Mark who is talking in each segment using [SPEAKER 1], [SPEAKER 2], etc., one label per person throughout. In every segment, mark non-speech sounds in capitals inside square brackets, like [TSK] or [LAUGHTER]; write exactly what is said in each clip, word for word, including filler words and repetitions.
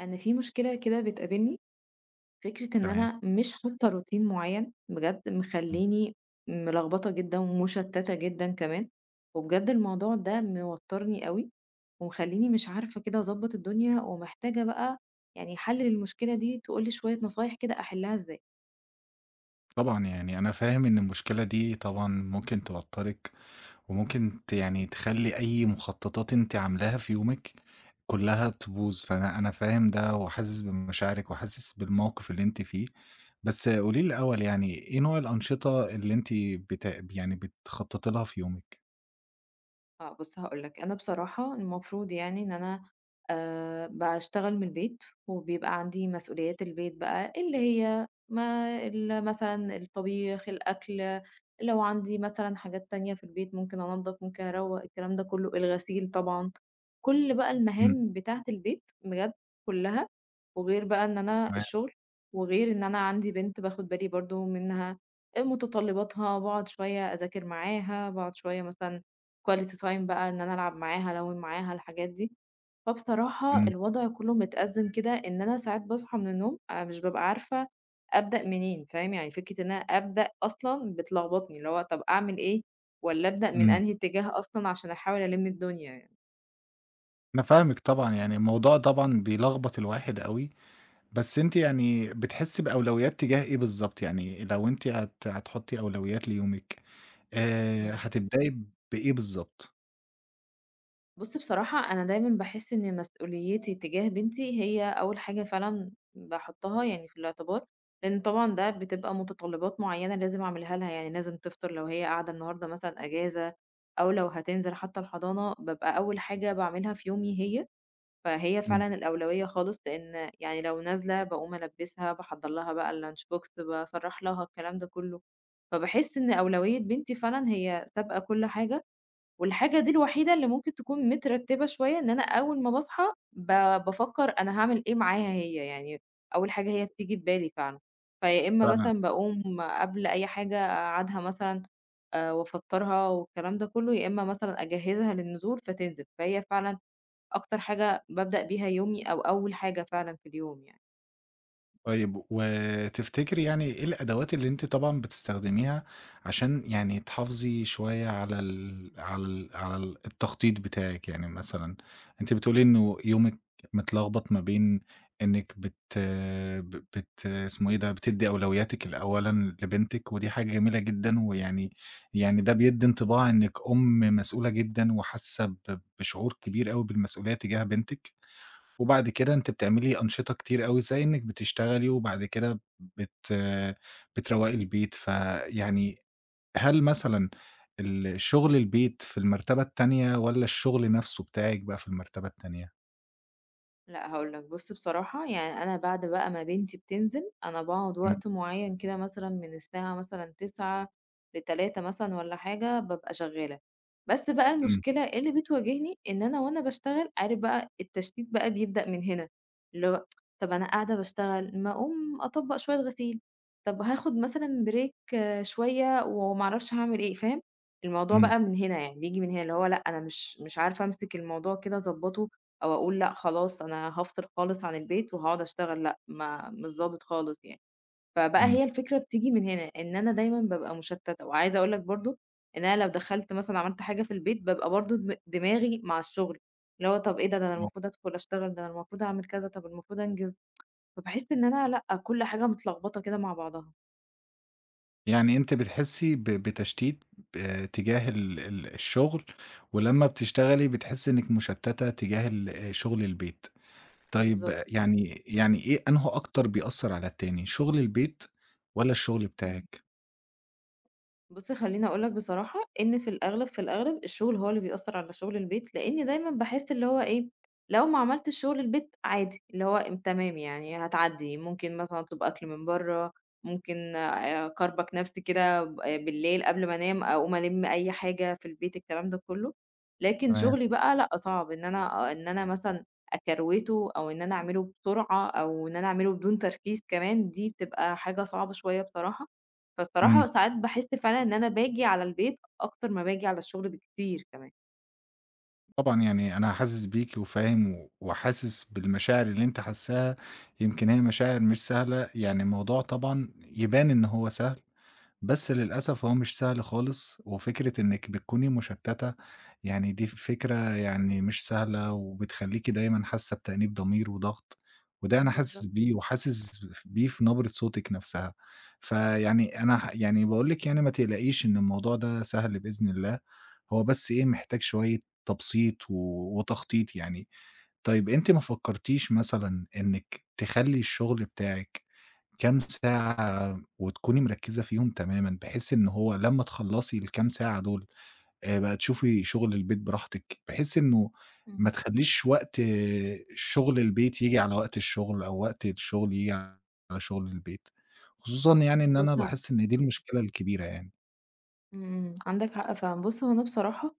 [SPEAKER 1] أنا في مشكلة كده بتقابلني، فكرة إن
[SPEAKER 2] تمام.
[SPEAKER 1] أنا مش حاطة روتين معين بجد
[SPEAKER 2] إمم.
[SPEAKER 1] مخليني ملخبطة جدًا، ومشتتة جدًا كمان، وبجد الموضوع ده موترني اوي، ومخليني مش عارفة كده أضّبط الدنيا، ومحتاجة بقى يعني حل للمشكلة دي، تقول لي شوية نصايح كده أحلها إزاي.
[SPEAKER 2] طبعًا يعني أنا فاهم إن المشكلة دي طبعًا ممكن توتّرِك، وممكن ت يعني تخلّي أي مخططات أنتِ عاملاها في يومِك كلها تبوظ، فأنا أنا فاهم ده، وحاسس بمشاعرِك، وحاسس بالموقف اللي أنتِ فيه. بس قولي لي الأول يعني إيه نوع الأنشطة اللي أنتِ بت يعني بتخططي لها في يومِك؟
[SPEAKER 1] آه بُص هاقول لك، أنا بصراحة المفروض يعني إن أنا آآ باشتغل من البيت، وبيبقى عندي مسؤوليات البيت بقى، اللي هي ما ال مثلًا الطبيخ، الأكل، لو عندي مثلًا حاجات تانية في البيت، ممكن أنَضف، ممكن أروّق، الكلام ده كله، الغسيل طبعًا، كل بقى
[SPEAKER 2] امم.
[SPEAKER 1] المهام بتاعة البيت بجد كلها، وغير بقى إن أنا
[SPEAKER 2] تمام.
[SPEAKER 1] الشغل، وغير إن أنا عندي بنت باخد بالي برضه منها، آآ، متطلباتها، وباقعد شوية أذاكر معاها، باقعد شوية مثلًا quality time بقى إن أنا ألعب معاها، ألوّن معاها، الحاجات دي. فبصراحة
[SPEAKER 2] امم.
[SPEAKER 1] الوضع كله متأزم كده، إن أنا ساعات باصحى من النوم، أنا مش بابقى عارفة أبدأ منين، فاهم؟ يعني فكرة إن أنا أبدأ أصلًا بتلخبطني، اللي هو طب أعمل إيه، والّا أبدأ من
[SPEAKER 2] امم.
[SPEAKER 1] أنهي اتجاه أصلًا، عشان أحاول ألِم الدنيا يعني.
[SPEAKER 2] أنا فاهمِك طبعًا، يعني الموضوع طبعًا بيلخبط الواحد أوي، بس أنتِ يعني بتحسّي بأولويّات تجاه إيه بالضبط، يعني لو أنتِ هت هتحُطّي أولويّات ليومِك، آآ،
[SPEAKER 1] إمم.
[SPEAKER 2] هتبدئي بإيه بالضبط؟
[SPEAKER 1] بُصّ بصراحة، أنا دايمًا باحس إن مسؤوليتي تجاه بنتي هي أول حاجة فعلًا باحُطّها يعني في الاعتبار، لإن طبعًا ده بتبقى متطلّبات معيّنة لازم اعملها لها، يعني لازم تفطَر لو هي قاعدة النهاردة مثلًا أجازة أو لو هتنزِل حتى الحضانة بابقى أول حاجة باعملها في يومي هي، فهي
[SPEAKER 2] إمم.
[SPEAKER 1] فعلًا الأولويّة خالص، لإن يعني لو نازلة باقوم البِّسها، باحضر لها بقى الlunch box باسرَّح لها، الكلام ده كلّه، فباحس إن أولويّة بنتي فعلًا هي سابقة كلّ حاجة والحاجة دي الوحيدة اللي ممكن تكون مترتّبة شوية إن أنا أول ما باصحى ب بافكر أنا هاعمل إيه معاها هي يعني، أول حاجة هي بتيجي في بالي فعلًا، فيا إما
[SPEAKER 2] تمام.
[SPEAKER 1] مثلًا باقوم قبل أي حاجة اقعّدها مثلًا، آآ وافطّرها والكلام ده كلّه، يا إما مثلًا أجهّزها للنزول فتنزل، فهي فعلًا أكتر حاجة بابدأ بيها يومي أو أول حاجة فعلًا في اليوم يعني.
[SPEAKER 2] طيّب، و تفتكري يعني إيه الأدوات اللي أنتِ طبعًا بتستخدميها عشان يعني تحافظي شوية على ال على ال على ال التخطيط بتاعِك؟ يعني مثلًا أنتِ بتقولي إنه يومِك متلغبط ما بين إنِك بت ب بت اسمه إيه ده؟ بتدّي أولوياتِك لأولًا لبنتِك، ودي حاجة جميلة جدًا، ويعني يعني ده بيدّي انطباع إنِك أُم مسؤولة جدًا وحاسة ب بشعور كبير أوي بالمسؤولية تجاه بنتِك. وبعد كده أنتِ بتعملي أنشطة كتير أوي، زي إنك بتشتغلي، وبعد كده بت بتروّقي البيت، فيعني هل مثلًا الشغل البيت في المرتبة التانية، والّا الشغل نفسه بتاعِك بقى في المرتبة التانية؟
[SPEAKER 1] لأ، هاقول لَك، بُص بصراحة يعني أنا بعد بقى ما بنتي بتنزل، أنا باقعد
[SPEAKER 2] إمم.
[SPEAKER 1] وقت معين كده، مثلًا من الساعة مثلًا تسعة لتلاتة مثلًا والّا حاجة، بابقى شغّالة. بس بقى
[SPEAKER 2] إمم.
[SPEAKER 1] المشكلة اللي بتواجهني إن أنا وأنا باشتغل، عارف بقى التشتيت بقى بيبدأ من هنا، اللي هو [TSK] طَب أنا قاعدة باشتغل، ما أقوم أطبّق شوية غسيل، طَب هاخد مثلًا break شوية، وما أعرفش هاعمل إيه، فاهم؟ الموضوع
[SPEAKER 2] إمم.
[SPEAKER 1] بقى من هنا يعني، بييجي من هنا. اللي هو لأ، أنا مش مش عارفة أمسك الموضوع كده، أضبطه، أو أقول لأ خلاص، أنا هافصِل خالص عن البيت وهاقعد أشتغل. لأ، ما مش ضابط خالص يعني. فبقى
[SPEAKER 2] إمم.
[SPEAKER 1] هي الفكرة بتيجي من هنا، إن أنا دايمًا بابقى مُشتتّة، وعايزة أقول لَك برضه إن أنا لو دخلت مثلًا عملت حاجة في البيت، بقى برضه دم دماغي مع الشغل. اللي هو طَب إيه ده؟ ده أنا
[SPEAKER 2] آه.
[SPEAKER 1] المفروض أدخُل أشتغل، ده المفروض أعمل كذا، طَب المفروض أنجز [TSK] فباحس إن أنا لأ، كل حاجة متلغبطة كده مع بعضها.
[SPEAKER 2] يعني أنتِ بتحسّي ب بتشتيت آآ تجاه ال ال الشغل ولما بتشتغلي بتحسّي إنِك مُشتّتة تجاه ال آآ، شغل البيت. طيب
[SPEAKER 1] بالضبط.
[SPEAKER 2] يعني يعني إيه أنهو أكتر بيأثّر على التاني، شغل البيت والّا الشغل
[SPEAKER 1] امم.
[SPEAKER 2] بتاعِك؟
[SPEAKER 1] بُصّ، خلّيني أقول لك بصراحة إن في الأغلب، في الأغلب الشغل هو اللي بيأثّر على شُغل البيت لأن دايمًا باحس اللي هو إيه، لو ما عملتش شُغل البيت عادي، اللي هو تمام يعني، هتعدّي ممكن مثلًا أطلُب أكْل من برّه، ممكن آآ اكربج نفسي كده ب بالليل قبل ما أنام، أقوم ألِمّ أي حاجة في البيت، الكلام ده كلّه، لكن
[SPEAKER 2] تمام.
[SPEAKER 1] شغلي بقى لأ صعب إن أنا إن أنا مثلًا أكروِته أو إن أنا أعمله بسرعة أو إن أنا أعمله بدون تركيز كمان، دي بتبقى حاجة صعبة شوية بصراحة، فالصراحة
[SPEAKER 2] امم.
[SPEAKER 1] ساعات باحس فعلًا إن أنا باجي على البيت أكتر ما باجي على الشغل، بكتير كمان.
[SPEAKER 2] طبعًا يعني أنا حاسس بيكِ وفاهم وحاسس بالمشاعر اللي أنتِ حاسّاها، يمكن هي مشاعر مش سهلة، يعني الموضوع طبعًا يبان إن هو سهل بس للأسف هو مش سهل خالص وفكرة إنِك بتكوني مُشتتَّة يعني دي فكرة يعني مش سهلة وبتخلّيكِ دايمًا حاسة بتأنيب ضمير وضغط وده أنا حاسس
[SPEAKER 1] بالضبط.
[SPEAKER 2] بيه وحاسس بف بيه في نبرة صوتِك نفسها. فيعني أنا ه يعني باقول لِك يعني ما تقلقيش إن الموضوع ده سهل بإذن الله، هو بس إيه، محتاج شوية تبسيط و وتخطيط يعني. طيب، أنتِ ما فكّرتيش مثلًا إنك تخلّي الشغل بتاعِك كام ساعة وتكُوني مركّزة فيهم تمامًا، بحيث إن هو لما تخلّصي الكام ساعة دول، آآ، بقى تشوفي شغل البيت براحتِك، بحيث إنه ما
[SPEAKER 1] امم.
[SPEAKER 2] تخلّيش وقت شُغل البيت ييجي على وقت الشغل أو وقت الشغل ييجي على شغل البيت، خصوصًا يعني إن
[SPEAKER 1] بص
[SPEAKER 2] أنا
[SPEAKER 1] ه
[SPEAKER 2] لاحظت إن دي المشكلة الكبيرة يعني.
[SPEAKER 1] إمم، عندك حق فعلًا. بُص، هو أنا بصراحة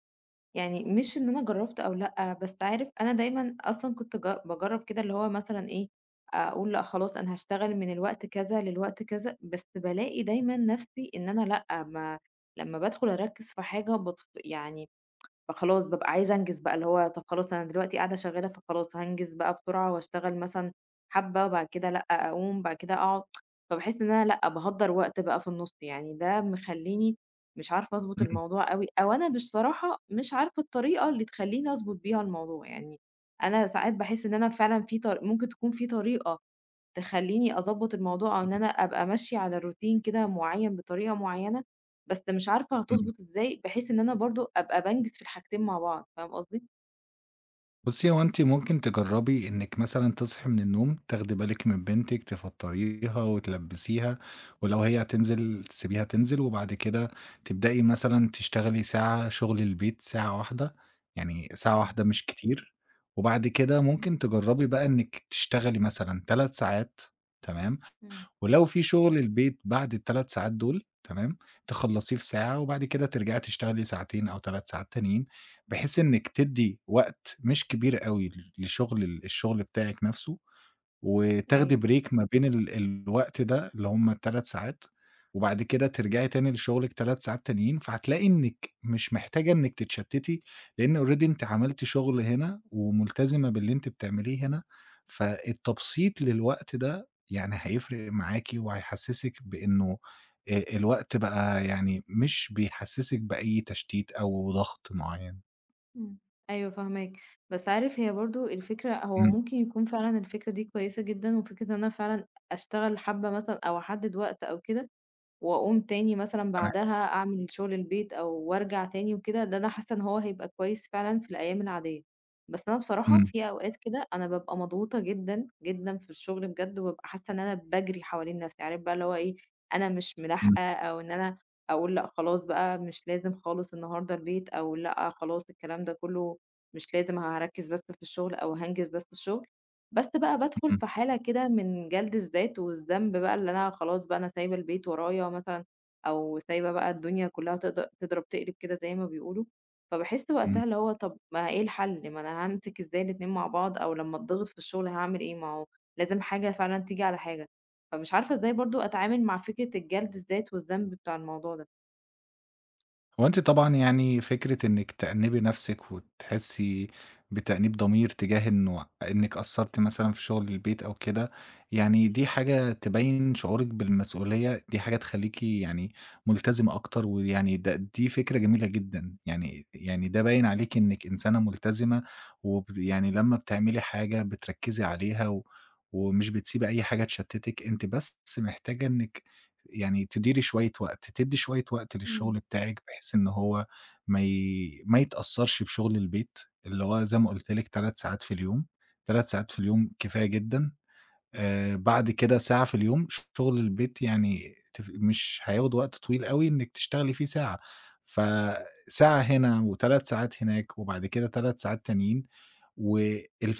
[SPEAKER 1] يعني مش إن أنا جرّبت أو لأ، بس عارف أنا دايمًا أصلًا كنت ج باجرّب كده اللي هو مثلًا إيه، أقول لأ خلاص أنا هاشتغل من الوقت كذا للوقت كذا، بس بالاقي دايمًا نفسي إن أنا لأ م لمّا بادخل أركِّز في حاجة بط يعني فخلاص بابقي عايزة أنجِز بقي اللي هو طَب خلاص أنا دلوقتي قاعدة شغّالة فخلاص هانجِز بقي بسرعة وأشتغل مثلًا حبّة وبعد كده لأ أقوم بعد كده أقعد، [TSK] فباحِس إن أنا لأ باهدَّر وقت بقي في النُص، يعني ده مخلّيني مش عارفة أضبُط
[SPEAKER 2] إمم.
[SPEAKER 1] الموضوع أوي أو أنا مش صراحة مش عارفة الطريقة اللي تخلّيني أضبُط بيها الموضوع. يعني أنا ساعات باحِس إن أنا فعلًا في ط ممكن تكون في طريقة تخلّيني أضبّط الموضوع أو إن أنا أبقي ماشية على روتين كده معيّن بطريقة معيّنة، بس مش عارفة
[SPEAKER 2] إمم.
[SPEAKER 1] هتضبُط إزاي بحيث إن أنا برضه أبقي بانجِز في الحاجتين مع بعض فاهم قصدي؟
[SPEAKER 2] بُصّي، هو أنتِ ممكن تجرّبي إنِّك مثلًا تصحي من النوم تاخدي بالِك من بنتِك تفطّريها وتلبّسيها ولو هي هتنزل تسيبيها تنزل، وبعد كده تبدئي مثلًا تشتغلي ساعة شُغل البيت ساعة واحدة، يعني ساعة
[SPEAKER 1] إمم.
[SPEAKER 2] واحدة مش كتير وبعد كده ممكن تجرّبي بقي إنِّك تشتغلي مثلًا تلات ساعات تمام،
[SPEAKER 1] إمم.
[SPEAKER 2] ولو في شُغل البيت بعد التلات ساعات دول تمام، تخلّصيه في ساعة وبعد كده ترجعي تشتغلي ساعتين أو تلات ساعات تانيين بحيث إنِّك تدِّي وقت مش كبير أوي لشُغل ال الشُغل بتاعِك نَفسه وتاخدي
[SPEAKER 1] أيوه.
[SPEAKER 2] break ما بين ال الوقت ده اللي هم تلات ساعات وبعد كده ترجعي تاني لشُغلِك تلات ساعات تانيين، فهتلاقي إنِّك مش محتاجة إنِّك تتشتِّتي لإن already أنتِ عملتِ شُغل هنا ومُلتزمة باللي أنتِ بتعمليه هنا، فالتبسيط للوقت ده يعني هيفرق معاكِ، وهيحسّسِك بإنّه آآ الوقت بقي يعني مش بيحسّسِك بأي تشتيت أو ضغط معيّن.
[SPEAKER 1] إمم، أيوه فاهماك. بس عارف هي برضه الفكرة هو
[SPEAKER 2] إمم.
[SPEAKER 1] ممكن يكون فعلًا الفكرة دي كويسة جدًا، وفكرة إن أنا فعلًا أشتغل حبّة مثلًا أو أحدِّد وقت أو كده وأقوم تاني مثلًا
[SPEAKER 2] تمام.
[SPEAKER 1] بعدها أعمل شُغل البيت أو وارجع تاني وكده، ده أنا حاسّة إن هو هيبقي كويس فعلًا في الأيام العاديّة. بس أنا بصراحة
[SPEAKER 2] إمم.
[SPEAKER 1] في أوقات كده أنا بابقي مضغوطة جدًا، جدًا في الشُغل بجد وبابقي حاسّة إن أنا باجري حوالين نفسي. عارف بقي اللي هو إيه، أنا مش
[SPEAKER 2] إمم.
[SPEAKER 1] مِلاحقة أو إن أنا أقول لأ خلاص بقي مش لازم خالص النهارده البيت أو لأ خلاص الكلام ده كُلّه مش لازم هاركِّز بس في الشُغل أو هانجِز بس الشُغل، بس بقي بادخل
[SPEAKER 2] إمم.
[SPEAKER 1] في حالة كده من جَلْد الذات والذنب بقي اللي أنا خلاص بقي أنا سايبة البيت ورايا مثلًا أو سايبة بقي الدنيا كُلّها تض تضرب تقلب كده زي ما بيقولوا، فباحِس وقتها
[SPEAKER 2] إمم.
[SPEAKER 1] اللي هو طَب ما إيه الحَل، ما أنا هامسك إزاي الاتنين مع بعض، أو لمّا أتضّغط في الشُغل هاعمل إيه ما هو لازم حاجة فعلًا تيجي على حاجة. فمش عارفة إزاي برضه أتعامل مع فكرة الجَلْد الذات والذنب بتاع الموضوع ده؟
[SPEAKER 2] هو أنتِ طبعًا يعني فكرة إنِّك تأنِّبي نفسِك وتحسّي بتأنيب ضمير تجاه إنه إنِّك قصّرتِ مثلًا في شُغل البيت أو كده، يعني دي حاجة تبيّن شعورِك بالمسؤولية دي حاجة تخلّيكِ يعني مُلتزمة أكتر ويعني ده دي فكرة جميلة جدًا، يعني د يعني ده باين عليكِ إنِّك إنسانة مُلتزمة وبد يعني لمّا بتعملي حاجة بتركِّزي عليها و ومش بتسيبي أي حاجة تشتِّتِك، أنتِ بس محتاجة إنِّك يعني تديري شوية وقت، تدّي شوية وقت
[SPEAKER 1] امم.
[SPEAKER 2] للشُغل بتاعِك بحيث إن هو ما ي ما يتأثّرش بشُغل البيت اللي هو زي ما قُلت لِك تلات ساعات في اليوم، تلات ساعات في اليوم كفاية جدًا. آآ بعد كده ساعة في اليوم شُغل البيت يعني تف مش هياخُد وقت طويل أوي إنِّك تشتغلي فيه ساعة. فساعة هنا وتلات ساعات هناك وبعد كده تلات ساعات تانيين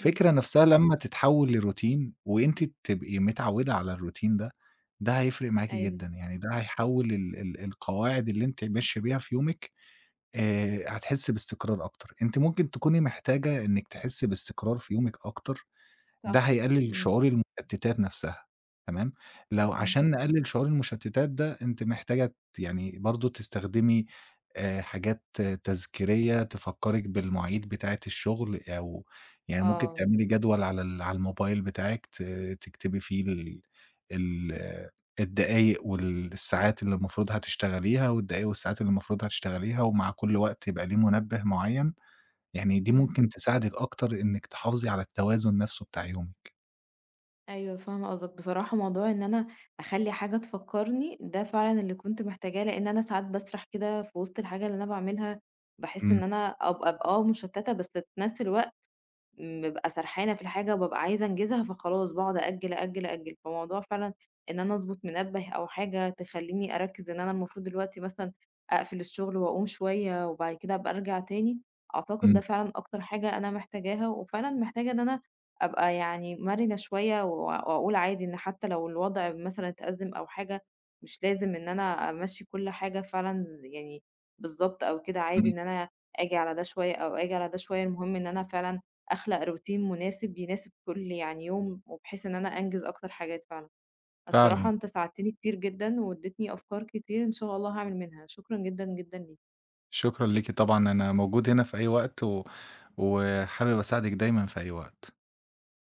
[SPEAKER 1] إمم.
[SPEAKER 2] نفسها لمّا تتحوِّل لروتين وأنتِ تبقي متعوِّدَة على الروتين ده، ده هيفرق معاكِ
[SPEAKER 1] أيوه.
[SPEAKER 2] جدًا، يعني ده هيحَوّل ال ال القواعد اللي أنتِ ماشية بيها في يومِك آآ هتحسّي باستقرار أكتر. أنتِ ممكن تكوني محتاجة إنِّك تحسّي باستقرار في يومِك أكتر، ده
[SPEAKER 1] صح.
[SPEAKER 2] هيقلِّل
[SPEAKER 1] إمم.
[SPEAKER 2] شعور المُشتّتات نفسها، تمام؟
[SPEAKER 1] إمم،
[SPEAKER 2] لو
[SPEAKER 1] إمم.
[SPEAKER 2] عشان نقلِّل شعور المُشتّتات ده، أنتِ محتاجة ت يعني برضه تستخدمي آآ حاجات تذكيريّة تفكّرِك بالمواعيد بتاعة الشُغل أو يعني ممكن
[SPEAKER 1] آه.
[SPEAKER 2] تعملي جدول على ال على الموبايل بتاعِك ت تكتبي فيه ال ال الدقايق والساعات اللي المفروض هتشتغليها والدقايق والساعات اللي المفروض هتشتغليها ومع كل وقت يبقى ليه منبه معيّن، يعني دي
[SPEAKER 1] إمم.
[SPEAKER 2] ممكن تساعدِك أكتر إنِّك تحافظي على التوازن نفسه بتاع يومِك.
[SPEAKER 1] أيوه فاهمة قصدك. بصراحة موضوع إن أنا أخلّي حاجة تفكّرني، ده فعلًا اللي كنت محتاجاه، لإن أنا ساعات باسرَح كده في وِسط الحاجة اللي أنا باعملها باحِس
[SPEAKER 2] إمم.
[SPEAKER 1] إن أنا أب أب آه مُشتّتة بس في نفس الوقت م بابقى سرحانة في الحاجة وبابقى عايزة أنجزها، فخلاص باقعد أأجِّل، أأجِّل، أأجِّل. فموضوع فعلًا إن أنا أضبُط منبه أو حاجة تخلّيني أركِّز إن أنا المفروض دلوقتي مثلًا أقفل الشُغل وأقوم شوية وبعد كده أبقى أرجع تاني، أعتقد ده
[SPEAKER 2] إمم.
[SPEAKER 1] فعلًا أكتر حاجة أنا محتاجاها وفعلًا محتاجة إن أنا أبقى يعني مَرِنة شوية و وأقول عادي إن حتّى لو الوضع مثلًا اتأزِّم أو حاجة مش لازم إن أنا أمَشِّي كل حاجة فعلًا يعني بالضبط أو كده عادي
[SPEAKER 2] إمم.
[SPEAKER 1] إن أنا آجي على ده شوية أو آجي على ده شوية المهم إن أنا فعلًا أخلَق روتين مناسب يناسب كل يعني يوم وبحيث إن أنا أنجِز أكتر حاجات فعلًا. الصراحة
[SPEAKER 2] فعلًا.
[SPEAKER 1] أنت ساعدتني كتير جدًا وادّيتني أفكار كتير إن شاء الله هاعمل منها. شكرًا جدًا، جدًا ليك.
[SPEAKER 2] شكرًا ليكِ طبعًا أنا موجود هنا في أي وقت و وحابِب أساعدِك دايمًا في أي وقت.